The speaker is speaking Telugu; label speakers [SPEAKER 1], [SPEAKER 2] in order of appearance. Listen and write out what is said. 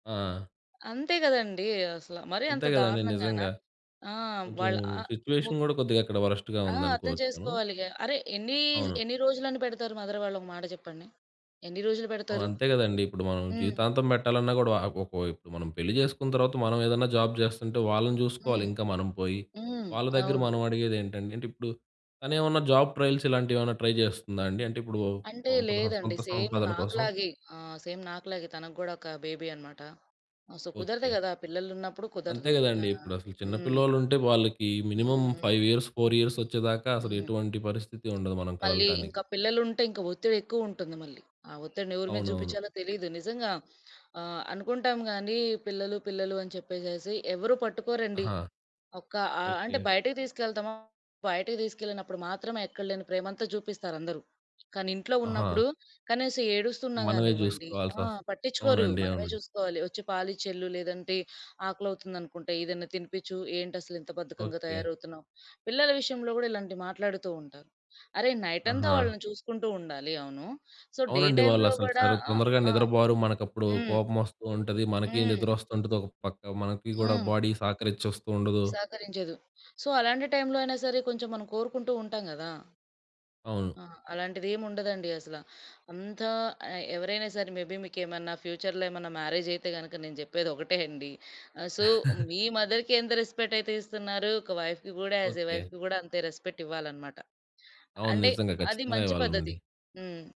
[SPEAKER 1] ఆ!
[SPEAKER 2] అంతే గదండీ! అసల మరి అంత
[SPEAKER 1] అంతే గదండీ!
[SPEAKER 2] దారుణంగాన?
[SPEAKER 1] నిజంగా.
[SPEAKER 2] ఆ!
[SPEAKER 1] కొంచెం
[SPEAKER 2] వాళ్ళ ఆహ్, ము
[SPEAKER 1] సిట్యుయేషన్ గూడా కొద్దిగా వరెస్ట్‌గా
[SPEAKER 2] ఆ! అర్థం
[SPEAKER 1] ఉందనుకోవచ్చు మనం.
[SPEAKER 2] చేసుకోవాలిగా. అరె! ఎన్నీ,
[SPEAKER 1] అవును.
[SPEAKER 2] ఎన్ని రోజులని బెడతారు మదర్ వాళ్ళు ఒకమాట జెప్పండి? ఎన్ని రోజులు
[SPEAKER 1] ఆ!
[SPEAKER 2] బెడతారు?
[SPEAKER 1] అంతే గదండీ. ఇప్పుడు మనం
[SPEAKER 2] హ్మ్.
[SPEAKER 1] జీవితాంతం బెట్టాలన్నా గూడా వా ఒక్కొవైపు ఇప్పుడు మనం పెళ్లి జేసుకున్న తర్వాత మనమేదన్నా జాబ్ జేస్తుంటే వాళ్ళని జూసుకోవాలి
[SPEAKER 2] హ్మ్.
[SPEAKER 1] ఇంకా మనం పోయి,
[SPEAKER 2] హ్మ్.
[SPEAKER 1] వాళ్ళ దగ్గర
[SPEAKER 2] అవును.
[SPEAKER 1] మనం అడిగేదేంటండి? అంటే ఇప్పుడు తనేమన్నా జాబ్ ట్రయల్స్ ఇలాంటివేమన్నా ట్రై చేస్తుందా అండి? అంటే ఇప్పుడు
[SPEAKER 2] అంటే
[SPEAKER 1] పంపహా
[SPEAKER 2] లేదండి,
[SPEAKER 1] సొంత
[SPEAKER 2] సేమ్
[SPEAKER 1] సంపాదన కోసం.
[SPEAKER 2] నాకులాగే! ఆహ్, సేమ్ నాకూలాగే, తనకి గూడా ఒక బేబీ అన్నమాట. ఆహ్, సో కుదరదు
[SPEAKER 1] ఓకే.
[SPEAKER 2] గదా! పిల్లలున్నప్పుడు
[SPEAKER 1] అంతే
[SPEAKER 2] కుదరదు. ఆ!
[SPEAKER 1] గదండీ! ఇప్పుడసలు చిన్న
[SPEAKER 2] హ్మ్.
[SPEAKER 1] పిల్లోలుంటే వాళ్ళకి మినిమమ్
[SPEAKER 2] హ్మ్. హ్మ్.
[SPEAKER 1] 5 ఇయర్స్, 4 ఇయర్స్ ఒచ్చేదాకా
[SPEAKER 2] హ్మ్.
[SPEAKER 1] అసలెటువంటి పరిస్థితి ఉండదు మనం
[SPEAKER 2] మళ్ళీ
[SPEAKER 1] కదలటానికి.
[SPEAKER 2] ఇంకా పిల్లలుంటే ఇంకా ఒత్తిడేక్కువుంటుంది మళ్ళీ. ఆ ఒత్తిడిని ఎవరి మీద
[SPEAKER 1] అవునవును.
[SPEAKER 2] చూపించాలో తెలీదు. నిజంగా, ఆహ్, అనుకుంటాం గానీ పిల్లలు పిల్లలు అని చెప్పేసేసి ఎవరు పట్టుకోరండి.
[SPEAKER 1] ఆహా!
[SPEAKER 2] ఒక ఆహ్, అంటే
[SPEAKER 1] ఓకే.
[SPEAKER 2] బయటకి తీసుకెళ్తాము, బయటకి తీసుకెళ్ళినప్పుడు మాత్రమే ఎక్కలేని ప్రేమంతా జూపిస్తారందరూ. కానీ ఇంట్లో
[SPEAKER 1] ఆహా!
[SPEAKER 2] ఉన్నప్పుడు కనీసం ఏడుస్తున్నా
[SPEAKER 1] మనమే
[SPEAKER 2] గానివ్వండి ఆ!
[SPEAKER 1] జూసుకోవాల్సొస్త్
[SPEAKER 2] పట్టించుకోరు.
[SPEAKER 1] అవునండి.
[SPEAKER 2] మనమే
[SPEAKER 1] అవునండి.
[SPEAKER 2] జూసుకోవాలి. "ఒచ్చి పాలిచ్చేల్లు, లేదంటే ఆకలవుతుందనుకుంట ఏదైనా తినిపిచ్చు. ఏంటసలు ఇంత బద్ధకంగా
[SPEAKER 1] ఓకే.
[SPEAKER 2] తయారవుతున్నావు?" పిల్లల విషయంలో గూడా ఇలాంటివి మాట్లాడుతుంటారు. అరె! నైటంతా
[SPEAKER 1] ఆహా!
[SPEAKER 2] వాళ్ళని చూసుకుంటుండాలి. అవును. సో డే
[SPEAKER 1] అవునండి.
[SPEAKER 2] టైమ్‌లో
[SPEAKER 1] వాళ్ళసలు
[SPEAKER 2] గూడా
[SPEAKER 1] సరే
[SPEAKER 2] ఆహ్,
[SPEAKER 1] తొందరగా
[SPEAKER 2] ఆ!
[SPEAKER 1] నిద్రబోరు. మనకప్పుడు
[SPEAKER 2] హ్మ్.
[SPEAKER 1] కోపం ఒస్తూంటది. మనకీ నిద్ర
[SPEAKER 2] హ్మ్.
[SPEAKER 1] ఒస్తుంటది ఒక పక్క. మనకి గూడా
[SPEAKER 2] హ్మ్.
[SPEAKER 1] బాడీ సహకరించ ఒస్తూండదు.
[SPEAKER 2] సహకరించదు. సో అలాంటి టైమ్‌లో అయినా సరే కొంచెం మనం కోరుకుంటుంటాం గదా!
[SPEAKER 1] అవును.
[SPEAKER 2] ఆ! అలాంటిదేం ఉండదండి అసల. అంతా ఎ ఎవరైనా సరే మే బీ మీకేమన్నా ఫ్యూచర్‌లో ఏమన్నా మ్యారేజైతే గనక, నేను జేప్పేది ఒకటే అండి. ఆహ్, సో మీ మదర్‌కెంత రెస్‌పెక్ట్ అయితే ఇస్తున్నారో ఒక వైఫ్‌కి గూడా యాజ్ ఎ
[SPEAKER 1] ఓకే.
[SPEAKER 2] వైఫ్‌కి గూడా అంతే రెస్‌పెక్ట్ ఇవ్వాలన్నమాట.
[SPEAKER 1] అవును
[SPEAKER 2] అంటే
[SPEAKER 1] నిజంగా.
[SPEAKER 2] అది
[SPEAKER 1] ఖచ్చితంగా
[SPEAKER 2] మంచి పద్ధతి.
[SPEAKER 1] ఇవ్వాలండి.
[SPEAKER 2] హ్మ్.